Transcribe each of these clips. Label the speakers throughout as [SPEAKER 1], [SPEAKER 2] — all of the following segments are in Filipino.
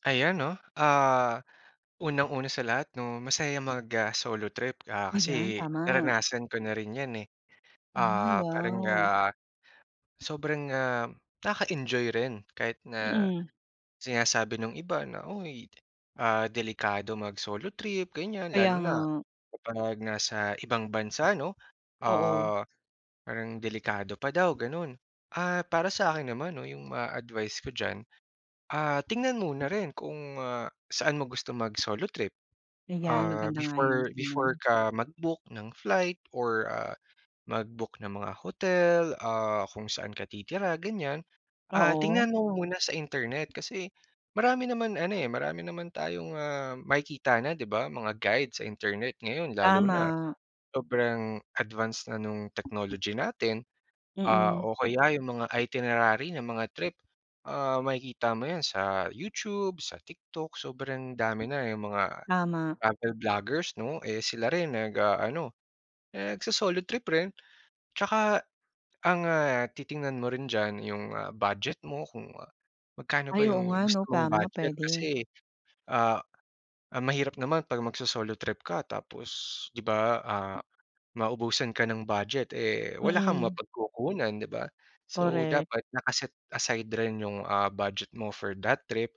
[SPEAKER 1] Ayan, 'no, ah, unang-una sa lahat, 'no, masaya mag, ah, solo trip, ah,
[SPEAKER 2] Ayan,
[SPEAKER 1] kasi
[SPEAKER 2] tama.
[SPEAKER 1] naranasan ko na rin yan eh.
[SPEAKER 2] Ay,
[SPEAKER 1] Ah, parang,
[SPEAKER 2] wow.
[SPEAKER 1] ah, sobrang, ah, nakaka-enjoy rin kahit na
[SPEAKER 2] Mm.
[SPEAKER 1] sinasabi nung iba na, "uy, ah, delikado mag-solo trip," ganiyan,
[SPEAKER 2] Kaya
[SPEAKER 1] lalo na
[SPEAKER 2] nga.
[SPEAKER 1] kapag nasa ibang bansa, 'no?
[SPEAKER 2] Oo.
[SPEAKER 1] Ah, parang delikado pa daw, gano'n. Ah, para sa'kin naman 'no, yung ma-advice ko diyan, ah, tingnan mo na rin kung, ah, saan mo gusto mag-solo trip.
[SPEAKER 2] Ayan,
[SPEAKER 1] Ah,
[SPEAKER 2] maganda nga yun.
[SPEAKER 1] before before
[SPEAKER 2] Hmm.
[SPEAKER 1] ka mag-book ng flight or, ah, mag-book ng mga hotel, ah, kung saan ka titira, ganiyan, ah,
[SPEAKER 2] Oo.
[SPEAKER 1] tingnan mo muna sa internet kasi marami naman ano eh, marami naman tayong, ah, makikita na, 'di ba? Mga guide sa internet ngayon lalo na
[SPEAKER 2] Tama.
[SPEAKER 1] sobrang advance na nung technology natin, ah,
[SPEAKER 2] Mm.
[SPEAKER 1] o kaya yung mga itinerary ng mga trip, ah, makikita mo yan sa YouTube, sa TikTok, sobrang dami na yung mga
[SPEAKER 2] Tama.
[SPEAKER 1] travel vloggers, 'no? Eh, sila rin nag-aano, nagso-solo trip rin. Tsaka ang, ah, titingnan mo rin diyan yung, ah, budget mo kung magkano ba
[SPEAKER 2] Ay, oo
[SPEAKER 1] yung
[SPEAKER 2] nga, 'no?
[SPEAKER 1] gusto mong
[SPEAKER 2] Tama,
[SPEAKER 1] budget
[SPEAKER 2] puwede.
[SPEAKER 1] kasi, ah, ah, mahirap naman 'pag magso-solo trip ka tapos, 'di ba, ah, maubusan ka ng budget, eh, wala kang
[SPEAKER 2] Mm.
[SPEAKER 1] mapagkukunan, 'di ba? So,
[SPEAKER 2] Korek.
[SPEAKER 1] dapat naka-set aside rin yung, ah, budget mo for that trip,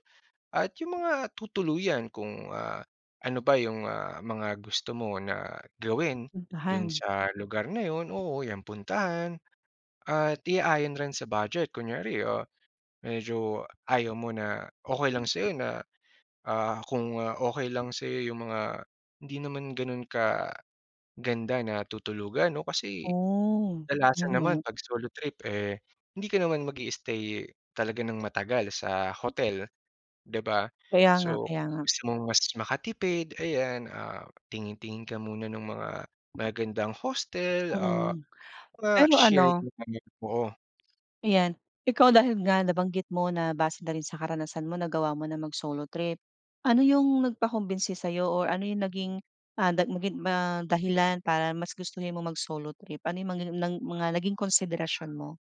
[SPEAKER 1] at yung mga tutuluyan kung, ah, ano ba yung, ah, mga gusto mo na gawin dun
[SPEAKER 2] Puntahan.
[SPEAKER 1] sa lugar na yun, oo, yan, puntahan at iayon rin sa budget. Kunyari, ah, medyo ayaw mo na okey lang sa'yo na, ah, kung okey lang sa'yo yung mga hindi naman ganun kaganda na tutulugan oh. Kasi
[SPEAKER 2] Oh
[SPEAKER 1] kadalasan naman
[SPEAKER 2] [unintelligible]
[SPEAKER 1] 'pag solo trip eh hindi ka naman mag-i-stay talaga ng matagal sa hotel, di ba?
[SPEAKER 2] Kaya nga,
[SPEAKER 1] So,
[SPEAKER 2] kaya nga.
[SPEAKER 1] gusto mong mas makatipid, ayan, ah, tingin-tingin ka muna ng mga magagandang hostel, ah,
[SPEAKER 2] Mm,
[SPEAKER 1] mga
[SPEAKER 2] pero
[SPEAKER 1] shared,
[SPEAKER 2] ano
[SPEAKER 1] [unintelligible] oo.
[SPEAKER 2] Ayan. Ikaw, dahil nga nabanggit mo na base na rin sa karanasan mo nagawa mo na mag-solo trip. Ano yung nagpakumbinsi sa'yo or ano yung naging, ah, nag maging ma dahilan para mas gustuhin mo mag-solo trip? Ano yung mga ng mga naging konsiderasyon mo?